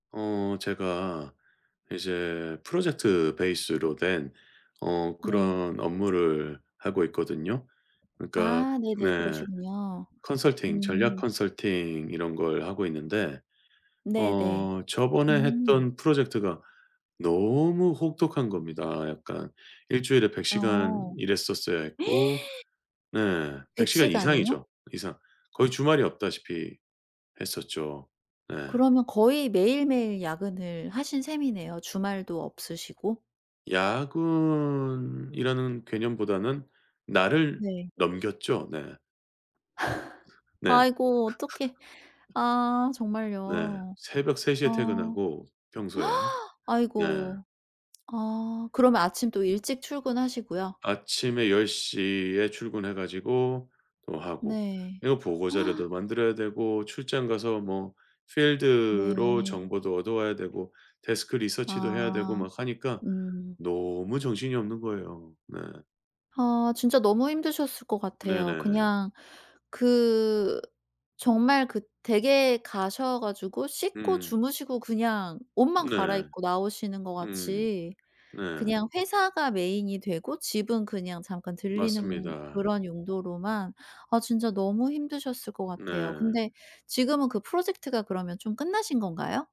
어 제가 이제 프로젝트 베이스로 된 어 네. 그런 업무를 하고 있거든요. 그러니까 아, 네네. 네 그러시군요. 컨설팅 전략 음 컨설팅 이런 걸 하고 있는데 네네. 어 저번에 음. 했던 프로젝트가 너무 혹독한 겁니다. 약간 일주일에 100 시간 어. 일했었어야 했고, 네 100 100 시간 시간이요? 이상이죠, 이상. 거의 주말이 없다시피 했었죠. 네. 그러면 거의 매일매일 야근을 하신 셈이네요. 주말도 없으시고? 야근이라는 개념보다는 날을 네. 넘겼죠. 네. 네. 아이고 어떡해. 아 네. 정말요? 새벽 3 에 아 퇴근하고 평소에 네. 아이고. 아, 그러면 아침 또 일찍 출근하시고요? 아침에 10 에 출근해 가지고 또 하고, 네. 이거 보고 자료도 만들어야 되고, 출장 가서 뭐 필드로 네. 정보도 얻어 와야 되고, 데스크 리서치도 해야 되고 아, 막 하니까 음. 너무 정신이 없는 거예요. 네. 아, 진짜 너무 힘드셨을 것 같아요. 네네네. 그냥 그 정말 그 댁에 가셔 가지고 씻고 음. 주무시고 그냥 옷만 네. 갈아입고 나오시는 것 음. 같이 네. 그냥 회사가 메인이 되고 집은 그냥 잠깐 들리는 맞습니다. 그런 용도로만 아 진짜 너무 힘드셨을 것 같아요. 네. 근데 지금은 그 프로젝트가 그러면 좀 끝나신 건가요?